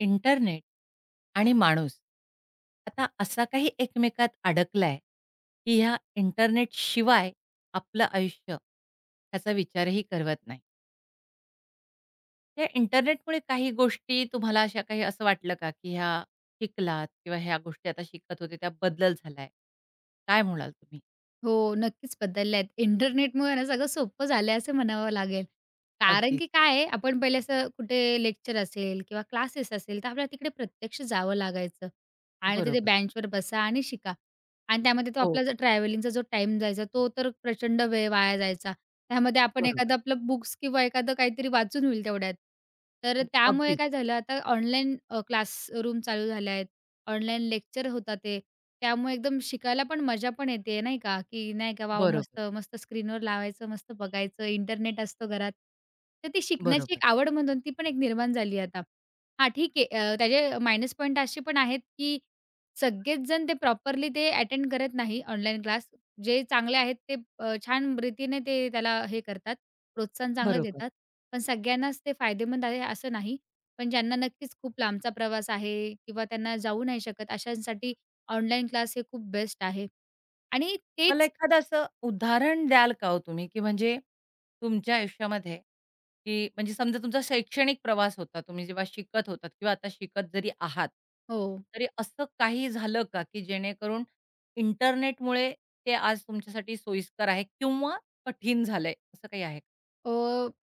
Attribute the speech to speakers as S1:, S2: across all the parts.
S1: Internet आणि माणूस, आता असा काही एकमेकात अडकलाय, की या इंटरनेटशिवाय आपलं आयुष्य, त्याचा विचारही करवत नाही. या इंटरनेटमुळे काही गोष्टी तुम्हाला अशा काही असं वाटलं का, की ह्या शिकलात किंवा ह्या गोष्टी आता शिकत होते, त्या बदल झालाय, काय म्हणाल तुम्ही?
S2: हो, नक्कीच बदलल्या आहेत. इंटरनेटमुळेना सगळं सोपं झालंय असं म्हणावं लागेल. कारण
S1: अगदीच.
S2: की काय आहे, आपण पहिले असं कुठे लेक्चर असेल किंवा क्लासेस असेल, तर आपल्याला तिकडे प्रत्यक्ष जावं लागायचं आणि तिथे
S1: बरोबर.
S2: बेंचवर बसा आणि शिका आणि त्यामध्ये तो आपला
S1: हो.
S2: जर ट्रॅव्हलिंगचा जो टाईम जायचा, तो तर प्रचंड वेळ वाया जायचा. त्यामध्ये आपण एखादं
S1: बरोबर.
S2: आपलं बुक्स किंवा एखादं काहीतरी वाचून होईल तेवढ्यात, तर
S1: [unintelligible]
S2: त्यामुळे
S1: अगदीच.
S2: काय झालं, आता ऑनलाईन अ, क्लासरूम चालू झालं आहेत, ऑनलाईन लेक्चर होता ते, त्यामुळे एकदम शिकायला पण मजा पण येते, नाही का, की नाही का, वॉव!
S1: बरोबर.
S2: मस्त, मस्त स्क्रीनवर लावायचं, मस्त बघायचं. इंटरनेट असतो घरात, तर ती शिकण्याची
S1: बरोबर.
S2: 1 आवड म्हणून ती पण एक निर्माण झाली आहे आता. हां, ठीक आहे अ, त्याचे मायनस पॉईंट असे पण आहेत, की सगळेचजण ते प्रॉपरली ते अटेंड करत नाही. ऑनलाईन क्लास जे चांगले आहेत, ते अ, छानरीतीने ते त्याला हे करतात प्रोत्साहन चांगलं
S1: बरोबर.
S2: देतात. पण सगळ्यांनाच ते फायदेमंद आहे असं नाही, पण ज्यांना नक्कीच खूप लांबचा प्रवास आहे किंवा त्यांना जाऊ नाही शकत, अशांसाठी ऑनलाईन क्लास हे खूप बेस्ट आहे आणि
S1: मला
S2: तेच
S1: एखादं असं उदाहरण द्याल का हो तुम्ही, की म्हणजे तुमच्या आयुष्यामध्ये, की म्हणजे समजा, तुमचा शैक्षणिक प्रवास होता, तुम्ही जेव्हा शिकत होतात किंवा आता शिकत जरी आहात,
S2: हो.
S1: तरी असं काही झालं का, की जेणेकरून इंटरनेटमुळे ते आज तुमच्यासाठी सोयीस्कर आहे किंवा कठीण झालंय, असं काही आहे?
S2: अ,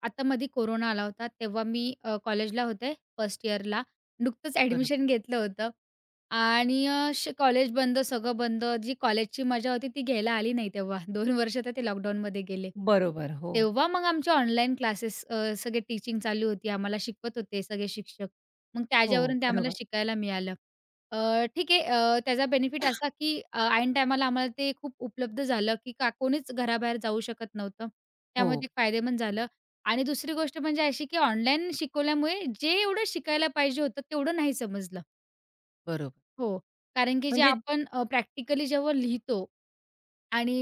S2: आता मधी कोरोना आला होता, तेव्हा मी अ, कॉलेजला होते फर्स्ट यिअरला नुकतंच
S1: बरो
S2: ऍडमिशन घेतलं होतं आणि अ, श कॉलेज बंद सगळं बंद. जी कॉलेजची मजा होती ती घ्यायला आली नाही तेव्हा, 2 वर्ष तर ते लॉकडाउनमध्ये गेले.
S1: बरोबर. हो.
S2: तेव्हा मग आमच्या ऑनलाईन क्लासेस अ, सगळे टीचिंग चालू होती. आम्हाला शिकवत होते सगळे शिक्षक, मग
S1: हो.
S2: त्याच्यावरून ते आम्हाला
S1: बरोबर.
S2: शिकायला मिळालं. अ, ठीक आहे, अ, त्याचा बेनिफिट असा की, अ, ऐन टाईमाला आम्हाला ते खूप उपलब्ध झालं की, का कोणीच घराबाहेर जाऊ शकत नव्हतं. त्यामुळे
S1: हो.
S2: ते फायदेमंद झालं आणि दुसरी गोष्ट म्हणजे अशी की ऑनलाईन शिकवल्यामुळे, जेवढं शिकायला पाहिजे होतं तेवढं नाही समजलं.
S1: बरोबर.
S2: हो कारण की, जे
S1: म्हणजे
S2: आपण अ, प्रॅक्टिकली जेव्हा लिहितो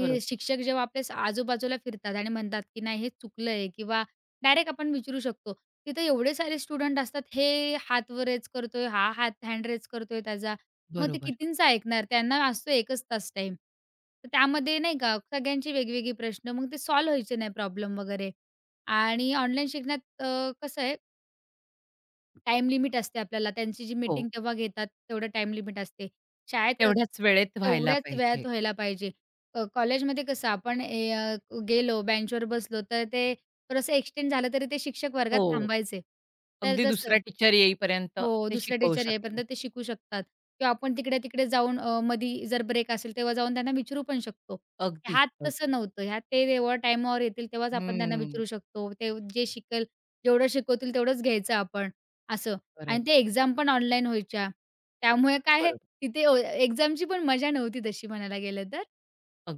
S1: बरं.
S2: शिक्षक जेव्हा आपल्या स आजूबाजूला फिरतात, आणि म्हणतात की नाही हे चुकलं आहे किंवा डायरेक्ट आपण विचारू शकतो. तिथे एवढे सारे स्टुडंट असतात. हे हात वर रेज करतोय, हा हात हँड रेज करतोय त्याचा, मग ते
S1: बरोबर.
S2: कितींचा ऐकणार? त्यांना असतो 1च तास टाईम. तर त्यामध्ये नाही का सगळ्यांची वेगवेगळी प्रश्न मग ते सॉल्व व्हायचे नाही प्रॉब्लेम वगैरे आणि ऑनलाईन शिकण्यात अ, कसं आहे टाईम लिमिट असते आपल्याला. त्यांची जी
S1: हो.
S2: मीटिंग तेव्हा घेतात, तेवढं टाईम लिमिट असते. शाळेत क
S1: तेवढ्याच वेळेत व्हायला
S2: तेवढ्याच
S1: पाहिजे.
S2: वेळात व्हायला पाहिजे. अ, कॉलेजमध्ये कसं आपण ए अ, गेलो बेंचवर बसलो, तर ते थोडंसं एक्सटेंड झालं तरी ते शिक्षक वर्गात
S1: हो.
S2: थांबायचे. तर
S1: अगदी
S2: जसं
S1: दुसरा टीचर येईपर्यंत
S2: हो.
S1: ते
S2: दुसरे
S1: शिकवू
S2: टीचर येईपर्यंत
S1: शकतात.
S2: ते शिकू शकतात. किंवा आपण तिकडे-तिकडे जाऊन अ, मधी जर ब्रेक असेल, तेव्हा जाऊन त्यांना विचारू पण शकतो.
S1: अगदीच,
S2: ह्यात तसं
S1: अगदी.
S2: नव्हतं. ह्यात ते जेव्हा टाईमावर येतील तेव्हाच आपण त्यांना
S1: हं.
S2: विचारू शकतो. ते जे शिकेल जेवढं शिकवतील, तेवढंच घ्यायचं आपण. असं.
S1: बरं.
S2: आणि ते एक्झाम पण ऑनलाईन व्हायच्या. त्यामुळे काय आहे,
S1: बरोबर.
S2: तिथे अ, एक्झामची पण मजा नव्हती तशी म्हणायला गेलं तर.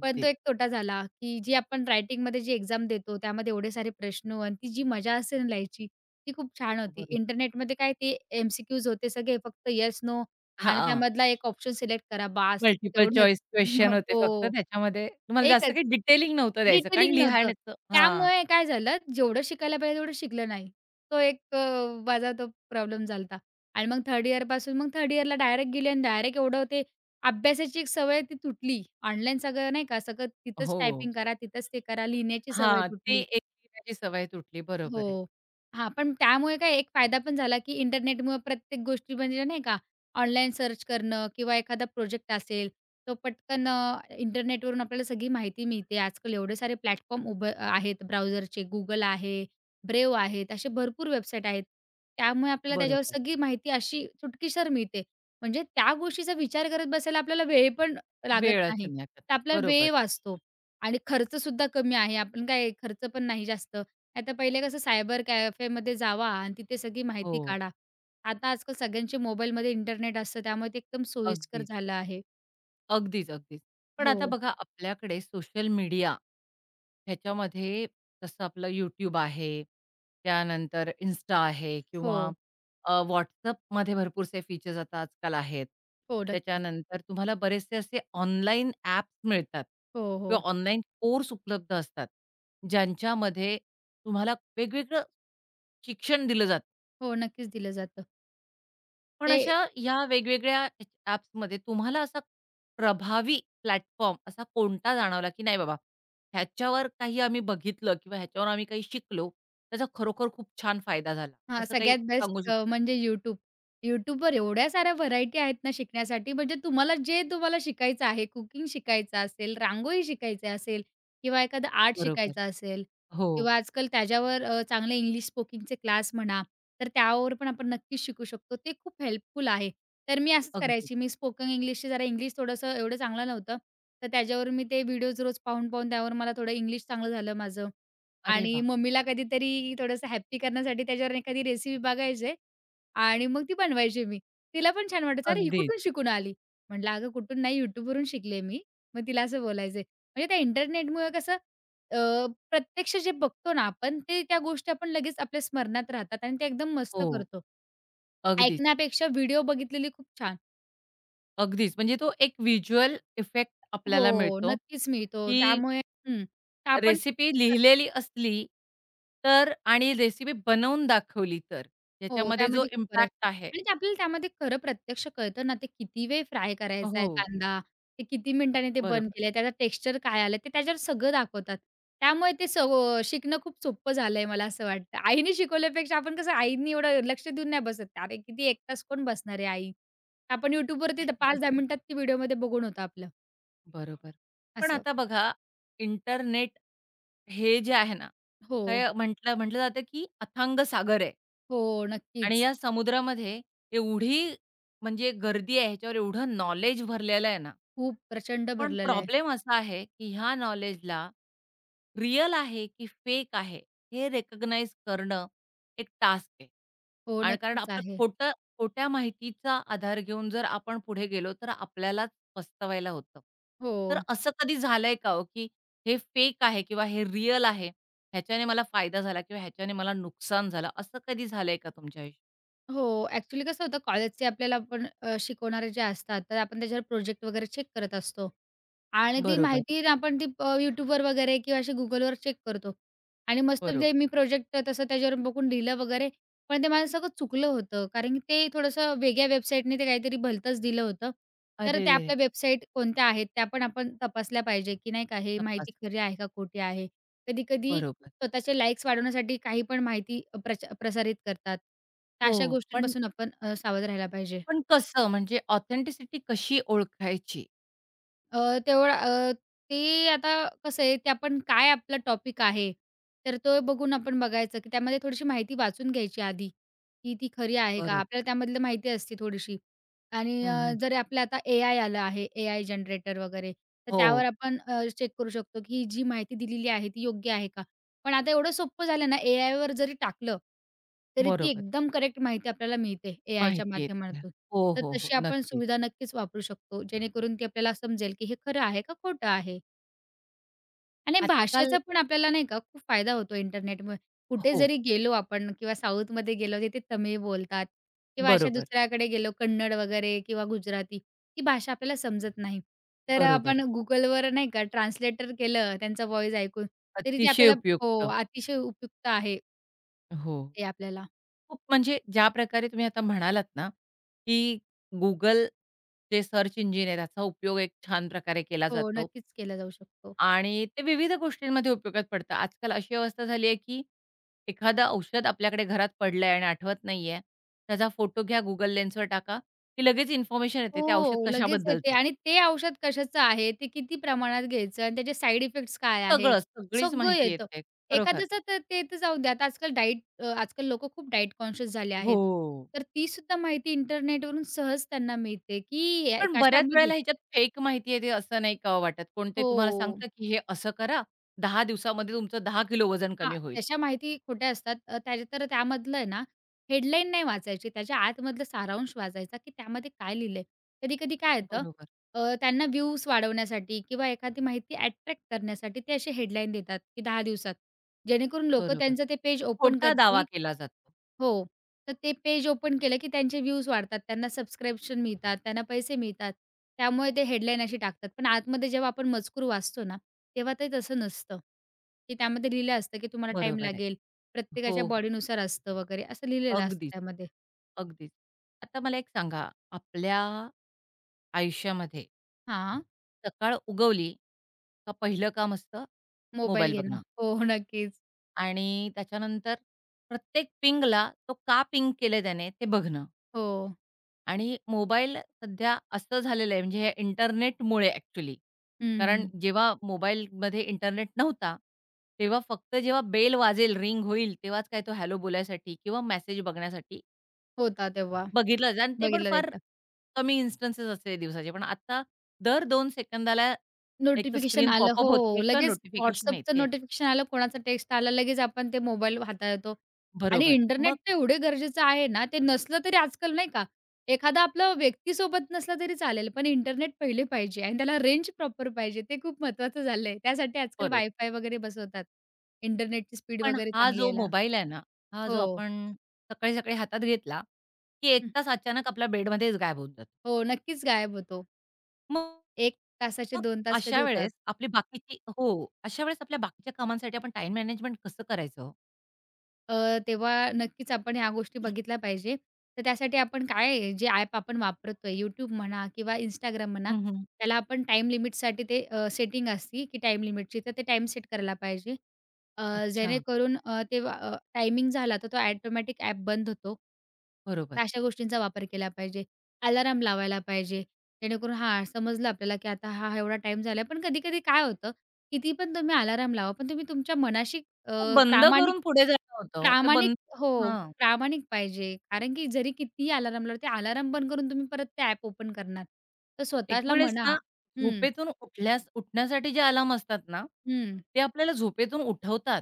S2: पण तो एक तोटा झाला. की जी आपण रायटिंगमध्ये जी एक्झाम देतो, त्यामध्ये एवढे सारे प्रश्न आणि ती जी मजा असेल लिहायची, ती खूप छान होती.
S1: बरो
S2: इंटरनेटमध्ये काय ते एम-सी-क्यूज होते सगळे फक्त येस, नो आणि
S1: हां.
S2: त्यामधला एक ऑप्शन सिलेक्ट करा. बास
S1: मल्टिपल
S2: तेवढंच.
S1: चॉईस क्वेशन होते फक्त
S2: हो.
S1: त्याच्यामध्ये. तुम्हाला जास्त
S2: एकच.
S1: काही डिटेलिंग नव्हतं द्यायचं. कारण
S2: डिटेलिंग नव्हतं
S1: लिहिण्याचं हां.
S2: त्यामुळे काय झालं, जेवढं शिकायला पाहिजे तेवढं शिकलं नाही. तो एक अ, माझा तो प्रॉब्लेम झाला होता. आणि मग 3rd यिअरपासून मग 3rd यिअरला डायरेक्ट गेली आणि डायरेक्ट एवढं ते अभ्यासाची एक सवय ती तुटली. ऑनलाईन सगळं, नाही का, सगळं तिथंच
S1: हो.
S2: टायपिंग करा. तिथेच ते करा. लिहिण्याची सवय
S1: हां. ती
S2: तुटली.
S1: एक लिहण्याची सवय तुटली. बरोबर आहे.
S2: हो. हां, पण त्यामुळे काय एक फायदा पण झाला की इंटरनेटमुळं प्रत्येक गोष्टी म्हणजे, नाही का, ऑनलाईन सर्च करणं किंवा एखादा प्रोजेक्ट असेल, तो पटकन अ, इंटरनेटवरून आपल्याला सगळी माहिती मिळते. आजकाल एवढे सारे प्लॅटफॉर्म उभे आहेत. ब्राउझरचे Google आहे. Brave आहेत. असे भरपूर वेबसाईट आहेत. त्यामुळे आपल्याला त्याच्यावर
S1: बरोबर.
S2: सगळी माहिती अशी चुटकीसर मिळते. म्हणजे त्या गोष्टीचा विचार करत बसायला आपल्याला वेळ पण लागत
S1: वेळच
S2: नाही.
S1: नाही
S2: तर
S1: [unintelligible]
S2: आपल्याला
S1: बरोबर.
S2: वेळ वाचतो आणि खर्चसुद्धा कमी आहे. आपण काय खर्च पण नाही जास्त. नाहीतर पहिले कसं सायबर कॅफेमध्ये जावा आणि तिथे सगळी माहिती
S1: हो.
S2: काढा. आता आजकाल सगळ्यांचे मोबाईलमध्ये इंटरनेट असतं. त्यामुळे ते एकदम सोयीस्कर
S1: अगदीच.
S2: झालं आहे.
S1: अगदीच-अगदीच. पण आता
S2: हो.
S1: बघा आपल्याकडे सोशल मीडिया, ह्याच्यामध्ये जसं आपलं YouTube आहे, त्यानंतर इन्स्टा आहे किंवा
S2: हो.
S1: अ, WhatsAppमध्ये भरपूरसे फीचर्स आता आजकाल आहेत.
S2: हो, नक्कीच.
S1: त्याच्यानंतर तुम्हाला बरेचसे असे ऑनलाईन ॲप मिळतात
S2: हो,
S1: किंवा
S2: हो.
S1: ऑनलाईन कोर्स उपलब्ध असतात, ज्यांच्यामध्ये तुम्हाला वेगवेगळं शिक्षण दिलं जातं.
S2: हो, नक्कीच, दिलं जातं.
S1: पण
S2: ते
S1: अशा ह्या वेगवेगळ्या [unintelligible] ॲप्समध्ये तुम्हाला असा, प्रभावी प्लॅटफॉर्म असा कोणता जाणवला, की नाही बाबा ह्याच्यावर काही आम्ही बघितलं किंवा ह्याच्यावर आम्ही काही शिकलो. त्याचा खरोखर खूप छान फायदा झाला.
S2: हां,
S1: असं काही
S2: सगळ्यात
S1: सांगू
S2: बेस्ट
S1: शकता का?
S2: म्हणजे YouTube. YouTubeवर एवढ्या साऱ्या व्हरायटी आहेत ना शिकण्यासाठी म्हणजे तुम्हाला जे तुम्हाला शिकायचं आहे कुकिंग शिकायचं असेल, रांगोळी शिकायची असेल किंवा एखादा आर्ट
S1: बरोबर,
S2: शिकायचं असेल
S1: हो.
S2: किंवा आजकाल त्याच्यावर अ, चांगले इंग्लिश स्पोकिंगचे क्लास म्हणा तर त्यावर पण आपण नक्कीच शिकू शकतो ते खूप हेल्पफुल आहे. तर मी असंच
S1: अगदी.
S2: करायची. मी स्पोकन इंग्लिशची जरा इंग्लिश थोडंसं एवढं चांगलं नव्हतं. तर त्याच्यावर मी ते व्हिडिओज रोज पाहून-पाहून त्यावर मला थोडं इंग्लिश चांगलं झालं माझं
S1: अरे,
S2: आणि
S1: वाह!
S2: मम्मीला कधीतरी थोडंसं हॅपी करण्यासाठी त्याच्यावरून एखादी रेसिपी बघायचे आणि मग ती बनवायची मी. तिला पण छान वाटायचं अरे, ही
S1: अगदीच.
S2: कुठून शिकून आली? म्हटलं अगं, कुठून नाही YouTube वरून शिकलीय मी, मग तिला असं बोलायचं. म्हणजे त्या इंटरनेटमुळं कसं, अ, प्रत्यक्ष जे बघतो ना आपण ते त्या गोष्टी आपण लगेच आपल्या स्मरणात राहतात आणि ते एकदम मस्त
S1: हो,
S2: करतो.
S1: अगदीच.
S2: ऐकण्यापेक्षा व्हिडिओ बघितलेली खूप छान.
S1: अगदीच म्हणजे तो एक व्हिज्युअल इफेक्ट आपल्याला
S2: हो,
S1: मिळतो.
S2: नक्कीच मिळतो.
S1: की
S2: त्यामुळे हं, ते आपण
S1: रेसिपी
S2: तर
S1: लिहिलेली असली तर आणि रेसिपी बनवून दाखवली तर.
S2: हो
S1: ह्याच्यामध्ये जो
S2: त्यामध्ये खूप बरं आहे
S1: इम्पॅक्ट आहे
S2: आणि आपल्याला त्यामध्ये खरं प्रत्यक्ष कळतं ना! ते किती वेळ फ्राय करायचाय
S1: हो.
S2: कांदा. ते किती मिनिटांनी ते बंद
S1: बरोबर.
S2: केलंय, त्याचा टेक्स्चर काय आलंय? ते त्याच्यावर सगळं दाखवतात. त्यामुळे ते सगळं शिकणं खूप सोपं झालंय. मला असं वाटतं आईनी शिकवल्यापेक्षा, आपण कसं? आईनी एवढं लक्ष देऊन नाही बसत. अरे, किती 1 तास कोण बसणार आहे आई? आपण YouTubeवरती पाच दहा मिनिटात ती व्हिडिओमध्ये बघून होतं आपलं.
S1: बरोबर. पण
S2: असं.
S1: आता बघा इंटरनेट हे जे आहे ना तर,
S2: हो.
S1: हे म्हटलं म्हटलं जातं, की अथांग सागर आहे.
S2: हो,
S1: आणि
S2: नक्कीच.
S1: या समुद्रामध्ये एवढी म्हणजे गर्दी आहे. ह्याच्यावर एवढं नाॅलेज भरलेलं आहे ना.
S2: खूप प्रचंड
S1: पण
S2: भरलेलं आहे.
S1: प्रॉब्लेम असा आहे की ह्या नाॅलेजला, रिअल आहे की फेक आहे. हे रिकॉग्नाइज करणं एक टास्क आहे,
S2: हो
S1: आणि कारण
S2: नक्कीच
S1: आपलं
S2: आहे.
S1: खोटं खोट्या माहितीचा आधार घेऊन जर आपण पुढे गेलो तर आपल्यालाच पस्तवायला होतं. तर
S2: हो.
S1: असं कधी झालंय का हो? की हे फेक आहे, किंवा हे रिअल आहे. ह्याच्याने मला फायदा झाला, किंवा ह्याच्याने मला नुकसान झालं. असं कधी झालंय का तुमच्या आयुष्यात?
S2: हो, ॲक्चुअली कसं होतं कॉलेजचे आपल्याला पण अ, शिकवणारे जे असतात तर आपण त्याच्यावर प्रोजेक्ट वगैरे चेक करत असतो आणि ती
S1: बरोबर.
S2: माहिती आपण ती प YouTubeवर वगैरे किंवा अशी Googleवर चेक करतो आणि मस्त म्हणजे
S1: बरोबर.
S2: मी प्रोजेक्ट तसं त्याच्यावर बघून लिहिलं वगैरे, पण ते मला सगळं चुकलं होतं. कारण की ते थोडंसं वेगळ्या वेबसाईटने ते काहीतरी भलतंच दिलं होतं. तर त्या
S1: अरेरेरे!
S2: आपल्या वेबसाईट कोणत्या आहेत त्या पण आपण तपासल्या पाहिजे की नाही का हे
S1: तपास
S2: माहिती खरी आहे का खोटी आहे? कधी-कधी
S1: बरोबर.
S2: स्वतःचे लाईक्स वाढवण्यासाठी काही पण माहिती अ, प्रचा प्रसारित करतात, या
S1: हो
S2: अशा
S1: पण
S2: गोष्टींपासून आपण अ, सावध राहायला पाहिजे.
S1: पण कसं म्हणजे ऑथेंटिसिटी कशी ओळखायची?
S2: अ, तेवढा अ, ते आता कसं आहे ते आपण काय आपला टॉपिक आहे. तर तो बघून आपण बघायचं, की त्यामध्ये थोडीशी माहिती वाचून घ्यायची आधी, की ती खरी आहे का?
S1: बरोब
S2: आपल्याला त्यामधलं माहिती असती थोडीशी आणि
S1: हं,
S2: अ,
S1: हं.
S2: जरी आपल्याला आता एआय आलं आहे एआय जनरेटर वगैरे तर त्यावर
S1: हो.
S2: आपण अ, चेक करू शकतो, की जी माहिती दिलेली आहे ती योग्य आहे का. पण आता एवढं सोपं झालं ना एआयवर जरी टाकलं तरी ती
S1: बरोबर.
S2: एकदम करेक्ट माहिती आपल्याला मिळते एआयच्या
S1: माहिती आहे त्या.
S2: माध्यमातून.
S1: हो,
S2: तर
S1: हो, हो.
S2: तशी आपण
S1: नक्की.
S2: सुविधा नक्कीच वापरू शकतो, जेणेकरून ती आपल्याला समजेल, की हे खरं आहे का खोटं आहे. आणि
S1: आजकाल
S2: भाषेचा पण आपल्याला नाही का खूप फायदा होतो इंटरनेटमुळे. कुठे
S1: हो.
S2: जरी गेलो आपण किंवा साऊथमध्ये गेलो तिथं तमिळ बोलतात किंवा अशा
S1: बरोबर.
S2: दुसऱ्याकडे गेलो कन्नड वगैरे किंवा गुजराती ही भाषा आपल्याला समजत नाही, तर अ,
S1: बरोबर
S2: आपण
S1: आहे.
S2: Googleवर नाही का ट्रान्सलेटर केलं त्यांचा वॉईस ऐकून तरी ते
S1: अतिशय
S2: आपल्याला हो,
S1: उपयुक्त.
S2: अतिशय उपयुक्त आहे.
S1: हो.
S2: ते आपल्याला.
S1: खूप म्हणजे ज्या प्रकारे तुम्ही आता म्हणालात ना, की Google ते सर्च इंजिन आहे. याचा उपयोग एक छानप्रकारे केला
S2: हो,
S1: जातो.
S2: नक्कीच केला जाऊ शकतो.
S1: आणि ते विविध गोष्टींमध्ये उपयोगात पडतं. आजकाल अशी अवस्था झालीये की एखादं औषध आपल्याकडे घरात पडलंय आणि आठवत नाहीये. त्याचा फोटो घ्या, Google Lensवर टाका, की लगेच इन्फॉर्मेशन येते ते औषध
S2: हो, लगेच येते
S1: कशाबद्दलचंय.
S2: आणि ते औषध कशाचं आहे, ते किती प्रमाणात घ्यायचं आणि त्याचे साइड इफेक्ट्स काय आहे
S1: सगळं सगळीच
S2: सगळं
S1: माहिती
S2: येतं.
S1: येते. खरोखर.
S2: एखाद्याचं तर, ते ते जाऊ द्या, आता आजकाल डाएट अ, आजकाल लोकं खूप डाएट कॉन्शियस झाले आहेत,
S1: हो.
S2: तर तीसुद्धा माहिती इंटरनेटवरून सहज त्यांना मिळते की या
S1: पण बऱ्याच
S2: कशामध्ये
S1: वेळेला ह्याच्यात फेक माहिती येते असं नाही का ओ वाटत, कोण ते तुम्हाला
S2: हो.
S1: सांगतं, की हे असं करा 10 दिवसामध्ये तुमचं 10 किलो वजन
S2: हां,
S1: कमी होईल?
S2: तशा माहिती खोट्या असतात. अ, त्या तर त्यामधलं आहे ना हेडलाईन नाही वाचायची, त्याच्या आतमधलं सारांश वाचायचा, की त्यामध्ये काय लिहिलंय. कधी-कधी काय येतं
S1: बरोबर.
S2: अ, त्यांना व्ह्यूज वाढवण्यासाठी किंवा एखादी माहिती अ‍ॅट्रॅक्ट करण्यासाठी ते असे हेडलाईन देतात, की 10 दिवसात, जेणेकरून लोकं
S1: बरोबर.
S2: त्यांचं ते पेज ओपन
S1: खोटा दावा
S2: करतील
S1: केला जातो.
S2: हो, तर ते पेज ओपन केलं, की त्यांचे व्ह्यूज वाढतात, त्यांना सबस्क्रिप्शन मिळतात, त्यांना पैसे मिळतात. त्यामुळे ते हेडलाईन अशी टाकतात. पण आतमध्ये जेव्हा आपण मजकूर वाचतो ना, तेव्हा ते तसं नसतं, की त्यामध्ये लिहिलं असतं, की तुम्हाला टाईम
S1: बरोबर आहे.
S2: लागेल. प्रत्येकाच्या
S1: हो, हो.
S2: बॉडीनुसार असतं वगैरे असं लिहिलेलं असतं
S1: अगदीच,
S2: त्यामध्ये.
S1: अगदीच आता मला एक सांगा, आपल्या आयुष्यामध्ये
S2: हां.
S1: सकाळ उगवली का पहिलं काम असतं
S2: मोबाईल
S1: मोबाईल
S2: घे ना,
S1: बघणं.
S2: हो, नक्कीच.
S1: आणि त्याच्यानंतर, प्रत्येक पिंगला तो का पिंग केलंय त्याने ते बघणं.
S2: हो.
S1: आणि मोबाईल सध्या असं झालेलं आहे, म्हणजे या इंटरनेटमुळे अ‍ॅक्चुअली. कारण
S2: हं.
S1: जेव्हा मोबाईलमध्ये इंटरनेट नव्हता, तेव्हा फक्त जेव्हा बेल वाजेल, रिंग होईल, तेव्हाच काय तो हॅलो बोलायसाठी किंवा मेसेज बघण्यासाठी
S2: होता तेव्हा.
S1: बघितलं जात आणि ते पण
S2: बघितला
S1: फार
S2: जायचा.
S1: कमी इन्स्टन्स असते दिवसाचे, पण आता दर 2 सेकंदाला, एकतर
S2: नोटिफिकेशन
S1: स्क्रीन
S2: आलं.
S1: पॉपअप होते
S2: हो,
S1: किंवा
S2: लगेच
S1: नोटिफिकेशन
S2: WhatsAppचं
S1: येतेय.
S2: नोटिफिकेशन आलं, कोणाचा टेक्स्ट आला, लगेच आपण ते मोबाईल हातळतो आणि
S1: बरोबर, मग?
S2: इंटरनेट ते एवढं गरजेचं आहे ना, ते नसलं तरी आजकाल नाही का एखादा आपलं व्यक्तीसोबत नसलं तरी चालेल, पण इंटरनेट पहिले पाहिजे आणि त्याला रेंज प्रॉपर पाहिजे ते खूप महत्वाचं झालंय. त्यासाठी आजकाल
S1: बरोब
S2: वाय-फाय वगैरे बसवतात, इंटरनेटची स्पीड
S1: पण
S2: वगैरे
S1: हा
S2: चांगली
S1: जो
S2: यायला.
S1: मोबाईल आहे ना, हा जो
S2: हो.
S1: आपण सकाळी-सकाळी हातात घेतला की 1
S2: हं.
S1: तास अचानक आपल्या बेडमध्येच गायब होत जातो.
S2: हो, नक्कीच गायब होतो.
S1: मग
S2: 1 तासाचे
S1: मग
S2: 2 तास कधी
S1: अशा
S2: होतात?
S1: वेळेस आपली बाकीची हो, अशावेळेस आपल्या बाकीच्या कामांसाठी आपण टाईम मॅनेजमेंट कसं करायचं हो?
S2: अ, तेव्हा नक्कीच आपण ह्या गोष्टी बघितल्या पाहिजेत. तर त्यासाठी आपण काय आहे जे ॲप आपण वापरतो. YouTube म्हणा, किंवा Instagram म्हणा,
S1: हं, हं.
S2: त्याला आपण टाईम लिमिटसाठी ते अ, सेटिंग असतं की टाईम लिमिटची, तर ते टाईम सेट करायला पाहिजे. अ,
S1: अच्छा.
S2: जेणेकरून अ, तेव्हा अ, टायमिंग झाला, तर तो ॲटोमॅटिक ॲप बंद होतो,
S1: बरोबर.
S2: तर अशा गोष्टींचा वापर केला पाहिजे. अलार्म लावायला पाहिजे. जेणेकरून हां, समजलं आपल्याला की आता हां, हा एवढा टाईम झालाय. पण कधी-कधी काय होतं किती पण तुम्ही अलार्म लावा, पण तुम्ही तुमच्या मनाशी अ,
S1: ते बंद
S2: प्रामाणिक
S1: करून पुढे जाणं होतं हो. ते
S2: प्रामाणिक
S1: बंद
S2: हो,
S1: करून हां.
S2: प्रामाणिक पाहिजे. कारण की जरी कितीही अलार्म लावल्यावरती अलार्म बंद करून तुम्ही परत ते ॲप ओपन करणार, तर
S1: एक
S2: स्वतःला
S1: वेळेस
S2: म्हणा
S1: ना
S2: हं.
S1: झोपेतून उठल्यास उठण्यासाठी जे अलार्म असतात ना,
S2: हं.
S1: ते आपल्याला झोपेतून उठवतात.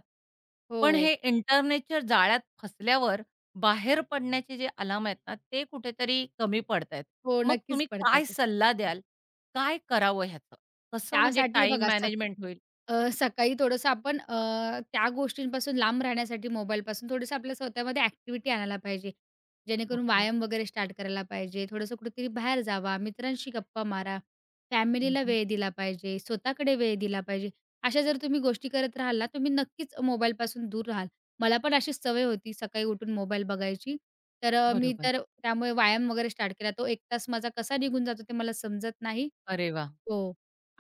S1: पण
S2: हो.
S1: हे इंटरनेटच्या जाळ्यात फसल्यावर बाहेर पडण्याचे जे अलार्म आहेत ना, ते कुठेतरी कमी पडतायेत.
S2: हो,
S1: मग
S2: नक्कीच,
S1: तुम्ही
S2: पडतात
S1: काय
S2: आहे.
S1: सल्ला द्याल? काय करावं ह्याचं? कसं म्हणजे
S2: त्यासाठी
S1: टाईम
S2: बघा सका
S1: मॅनेजमेंट होईल?
S2: अ, सकाळी थोडंसं आपण अ, त्या गोष्टींपासून लांब राहण्यासाठी मोबाईलपासून थोडंसं आपल्या स्वतःमध्ये ॲक्टिव्हिटी आणायला पाहिजे. जेणेकरून
S1: ओके.
S2: व्यायाम वगैरे स्टार्ट करायला पाहिजे. थोडंसं कुठेतरी बाहेर जावा, मित्रांशी गप्पा मारा.
S1: हं,
S2: फॅमिलीला
S1: हं.
S2: वेळ दिला पाहिजे, स्वतःकडे वेळ दिला पाहिजे. अशा जर तुम्ही गोष्टी करत राहाल ना, तुम्ही नक्कीच मोबाईलपासून दूर राहाल. मला पण अशीच सवय होती, सकाळी उठून मोबाईल बघायची. तर अ, मी
S1: बरोबर.
S2: तर त्यामुळे व्यायाम वगैरे स्टार्ट केला. तो 1 तास माझा कसा निघून जातो? ते मला समजत नाही.
S1: अरे, वाह!
S2: हो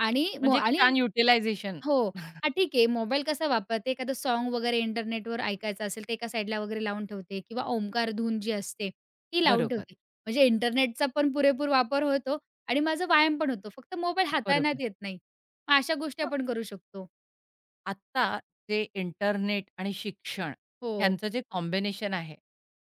S2: आणि
S1: म्हणजे
S2: मग
S1: एक
S2: आणि
S1: छान युटिलायझेशन.
S2: हो. हां, ठीक आहे मोबाईल कसा वापरते? एखादं साँग वगैरे इंटरनेटवर ऐकायचं असेल, ते एका साइडला वगैरे लावून ठेवते. किंवा ओमकार धून जी असते, ती लावून
S1: बरोबर.
S2: ठेवते. म्हणजे इंटरनेटचा पण पुरेपूर वापर होतो आणि माझं व्यायाम पण होतो. फक्त मोबाईल हाताळण्यात
S1: बरोबर.
S2: येत नाही. मग अशा गोष्टी
S1: हो.
S2: आपण करू शकतो.
S1: आत्ता जे इंटरनेट आणि शिक्षण
S2: हो.
S1: ह्यांचं जे कॉम्बिनेशन आहे,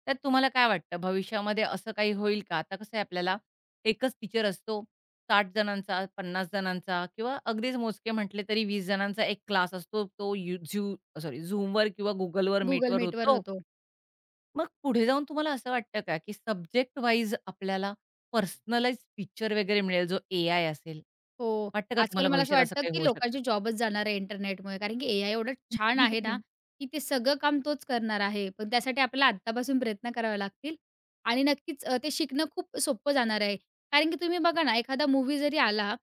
S1: त्यात तुम्हाला काय वाटतं भविष्यामध्ये असं काही होईल का, आता कसंय आपल्याला एकच टीचर असतो 60 जणांचा, 50 जणांचा किंवा अगदीच मोजके म्हटले, तरी 20 जणांचा 1 क्लास असतो. तो यु झू सॉरी, Zoomवर किंवा Googleवर
S2: Google
S1: मीटवर
S2: Meetवर
S1: होतो.
S2: होतो.
S1: मग पुढे जाऊन तुम्हाला असं वाटतं का, की सब्जेक्ट वाईज आपल्याला पर्सनलाईज्ड टीचर वगैरे मिळेल, जो एआय असेल
S2: हो,
S1: वाटतं का
S2: आजकाल
S1: तुम्हाला
S2: मला असं
S1: भविष्यात असं
S2: वाटतं
S1: काही
S2: की
S1: होऊ शकेल?
S2: लोकांची जॉबच जाणार आहे इंटरनेटमुळे. कारण की एआय एवढं छान आहे ना, की ते सगळं काम तोच करणार आहे. पण त्यासाठी आपल्याला आत्तापासून प्रयत्न करावे लागतील आणि नक्कीच अ, ते शिकणं खूप सोपं जाणार आहे. कारण की तुम्ही बघा ना, एखादा मूव्ही जरी आला,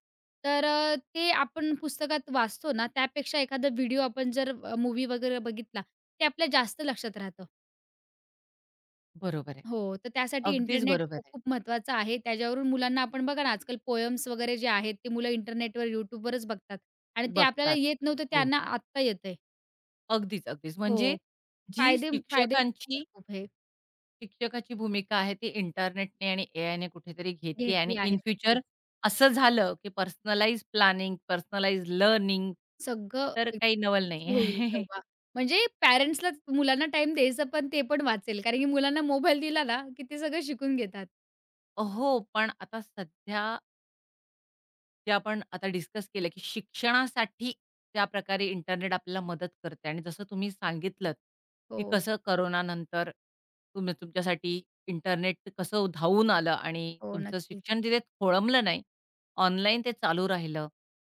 S2: तर अ, ते आपण पुस्तकात वाचतो ना, त्यापेक्षा एखादा व्हिडिओ आपण जर अ, मूव्ही वगैरे बघितला, ते आपल्या जास्त लक्षात राहतं.
S1: बरोबर आहे.
S2: हो, तर त्यासाठी
S1: अगदीच
S2: इंटरनेट अ,
S1: बरोबर आहे.
S2: खूप-खूप महत्त्वाचं आहे. त्याच्यावरून मुलांना आपण बघा ना, आजकाल पोएम्स वगैरे जे आहेत, ते मुलं इंटरनेटवर, YouTubeवरच बघतात आणि ते आपल्याला
S1: बघतात,
S2: येत नव्हतं,
S1: हो.
S2: त्यांना आत्ता येतंय.
S1: अगदीच, अगदीच. म्हणजे
S2: हो.
S1: जी
S2: फायदे फायदे [unintelligible]
S1: शिक्षकांची
S2: खूप आहे.
S1: शिक्षकाची भूमिका आहे ती इंटरनेटने आणि एआयने कुठेतरी घेतली आणि
S2: घेतली आहे.
S1: इन फ्युचर
S2: नक्कीच.
S1: असं झालं, की पर्सनलाइज्ड प्लॅनिंग, पर्सनलाइज्ड लर्निंग
S2: सगळं
S1: तर काही नवल
S2: एकदम [unintelligible]
S1: नाहीये.
S2: होईल तेव्हा. म्हणजे पेरेंट्सलाच मुलांना टाईम द्यायचं पण ते पण वाचेल. कारण की मुलांना मोबाईल दिला ना की ते सगळं शिकून घेतात.
S1: अ, हो. पण आता सध्या ते आपण आता डिस्कस केलं, की शिक्षणासाठी त्या प्रकारे इंटरनेट आपल्याला मदत करतय आणि जसं तुम्ही सांगितलंत की
S2: हो.
S1: कसं कोरोनानंतर तुम्ही तुमच्यासाठी इंटरनेट कसं धावून आलं आणि
S2: हो,
S1: तुमचं
S2: नक्की.
S1: शिक्षण तिथे खोळंबल नाही, ऑनलाईन ते चालू राहिलं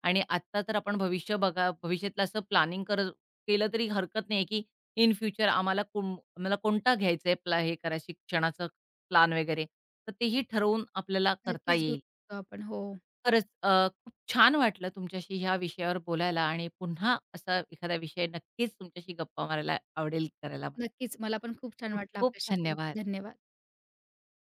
S1: आणि आत्ता तर आपण भविष्य बघा भविष्यातलं असं प्लॅनिंग कर केलं, तरी हरकत नाहीये की इन फ्युचर आम्हाला कुंब आम्हाला कोणता घ्यायचाय प्ला हे शिक्षणाचा प्लॅन वगैरे, तर तेही ठरवून आपल्याला करता
S2: नक्कीच घेऊ
S1: येईल.
S2: शकतो आपण. हो.
S1: खरंच, अ, खूप छान वाटलं तुमच्याशी ह्या विषयावर बोलायला आणि पुन्हा असा एखादा विषय नक्कीच तुमच्याशी गप्पा मारायला आवडेल करायला
S2: नक्कीच. मला पण खूप छान वाटलं
S1: खूप-खूप
S2: आपल्याशी बोलून.
S1: धन्यवाद!
S2: धन्यवाद.